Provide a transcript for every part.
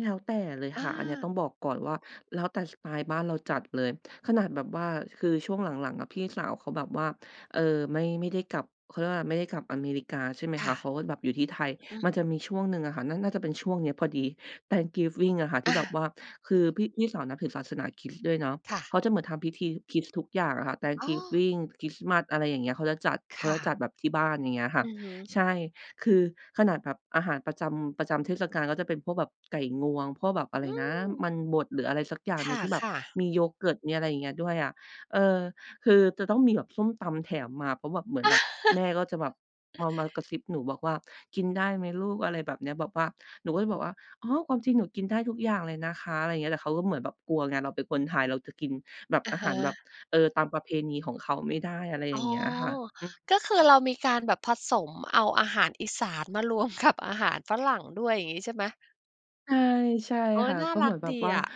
แล้วแต่เลยอค่ะ อันเนี้ยตา ้องบอกก่อนว่า แล้วแต่สไตล์บ้านเราจัดเลย ขนาดแบบว่า คือช่วงหลัง ๆ อะ พี่สาวเขาแบบว่า เออ ไม่ ไม่ได้กลับ เขาเรียกว่าอะไร ไม่ได้กลับอเมริกา ใช่ไหมคค่ะ เะ ขาก็แบบอยู่ที่ไทย อืม มันจะมีช่วงหนึ่งอะค่ะ นั่นน่าจะเป็นช่วงเนี้ยพอดี Thanksgiving อะค่ะทีอ่แบบา ว่า คือพี่ พี่สาวนับถึงศาสนาคริสต์ด้วยเนาะ ค่ะ เขาจะเหมือนทำพิธีคริสต์ทุกอย่างอะค่ะ อ๋อ Thanksgiving คริสต์มาส อะไรอย่างเงี้ย เขาจะจัด เคขา่จะะ จัดแบบที่บ้าน อย่างเงี้ยค่ะ อือฮึ ใช่ คือ ขนาดแบบอาหารประจำ ประจำเทศกาลก็จะเป็นพวกแบบไก่งวง พวกแบบอะไอรืนะ ม มันบด หรืออะไรสักอย่างคหนึ่งที่แบบ่ะ ๆ มีโยเกิร์ต มีอะไรอย่างเงี้ยด้วยอะ เออ คือจะต้องมีแบบส้มตำแถมมา เพราะแบบ เหมือนแบบ แม่ก็จะแบบมา มากระซิบหนูบอกว่า "กินได้ไหมลูก" อะไรแบบเนี้ย แบบว่าหนูก็จะบอกว่า "อ๋อ ความจริงหนูกินได้ทุกอย่างเลยนะคะ" อะไรอย่างเงี้ย แต่เขาก็เหมือนแบบกลัวไง เราเป็นคนไทยเราจะกินแบบ อะอาฮหาระ แบบ เออ ตามประเพณีของเขาไม่ได้ อะไรอย่อ๋างอ เงี้ยค่ะ อือ ก็คือเรามีการแบบผสมเอาอาหารอีสานมารวม กับ อาหารฝรั่งด้วย อย่างงี้ใช่ไหม? ใช่ ใช่โอ๊คย ่ะ น่าก็รเหมัืกอนแบดบีว่าอะ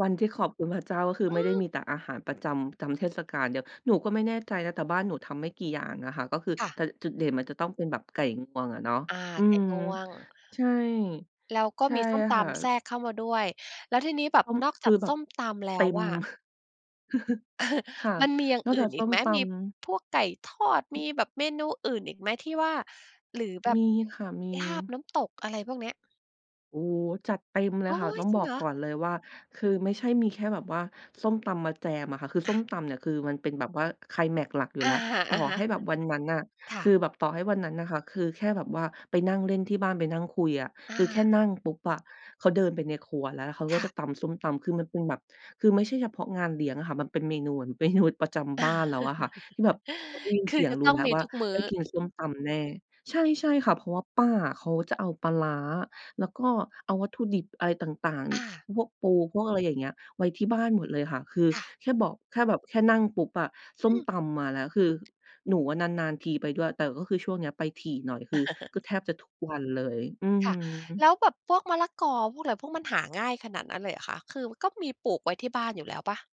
วันที่ขอบคุณพระเจ้า ก็คืออไมื่ได้ม มีแต่อาหารประจำ จำเทศกาลเดียว หนูก็ไม่แน่ใจนะ แต่บ้านหนูทำไม่กี่อย่างอะค่ะ ก็คือ ค่แตะ ่จุดเด่นมันจะต้องเป็นแบบไก่งวงอะเนาะ อา อืไกม ง่วง ใช่ แล้วก็ใช่มีส้มตค่ะ ำแทรกเข้ามาด้วย แล้วทีนี้แบบต้องนอกคจืาอกแบสบ้มตำแลเต้็วม อะ ค่ะ มันมีอย่างนอกอจืา่กนสอี้กมไหม? ตมีำ พวกไก่ทอด มีแบบเมนูอื่นอีกไหมที่ว่า หรือแบมบีค่ะ มี ลาบ น้ำตก อะไรพวกเนี้ย โอ้โฮ จัดเต็มเลยโอค่๊ะ ตย ้องจริบงอเกหรอ? ก่อนเลยว่า คือไม่ใช่มีแค่แบบว่าส้มตำมาแจมอะค่ะ คืออส้า มตำเนี่ยคือมันเป็นแบบว่าไคลแมกซ์หลักอยู่อแะล้ว ฮต่อใหะ ้ๆ แบบวันนั้นอะ ค่คืะ อแบบต่อให้วันนั้นน่ะค่ะ คือแค่แบบว่าไปนั่งเล่นที่บ้าน ไปนั่งคุยอะ อคืา อแค่นั่งปุ๊บอะ เขาเดินไปในครัว แล้วเขาก็ค่จะะ ตำส้มตำ คือมันเป็นแบบ คือไม่ใช่เฉพาะงานเลี้ยงอะค่ะ มันเป็นเมนูเหมือน เมนู ประจำบ้านแล้วอะค่ะ ที่แบบพอได้ยินคืเสอียงจะรูต้้องแล้มวีว่า ทุกมืไ้ด้อ กินส้มตำแน่ ใช่ ใช่ค่ะ เพราะว่าป้าอะเขาจะเอาปลาร้า แล้วก็เอาวัตถุดิบอะไรต่าง อา ๆ พวกปู พวกอะไรอย่างเงี้ย ไว้ที่บ้านหมดเลยค่ะ คือค่ะ แค่บอก แค่แบบแค่นั่งปุ๊บอะ ส้อมืม ตำมาแล้ว คือหนูอะนาน ๆ ทีไปด้วย แต่ก็คือช่วงเนี้ยไปถี่หน่อย คือก็แทบจะทุกวันเลย อือคฮ่ะ ึ แล้วแบบพวกมะละกอ พวกอะไร พวกมันหาง่ายขนาดนั้นเลยเหรอคะ? คือก็มีปลูกไว้ที่บ้านอยู่แล้วเปล่า?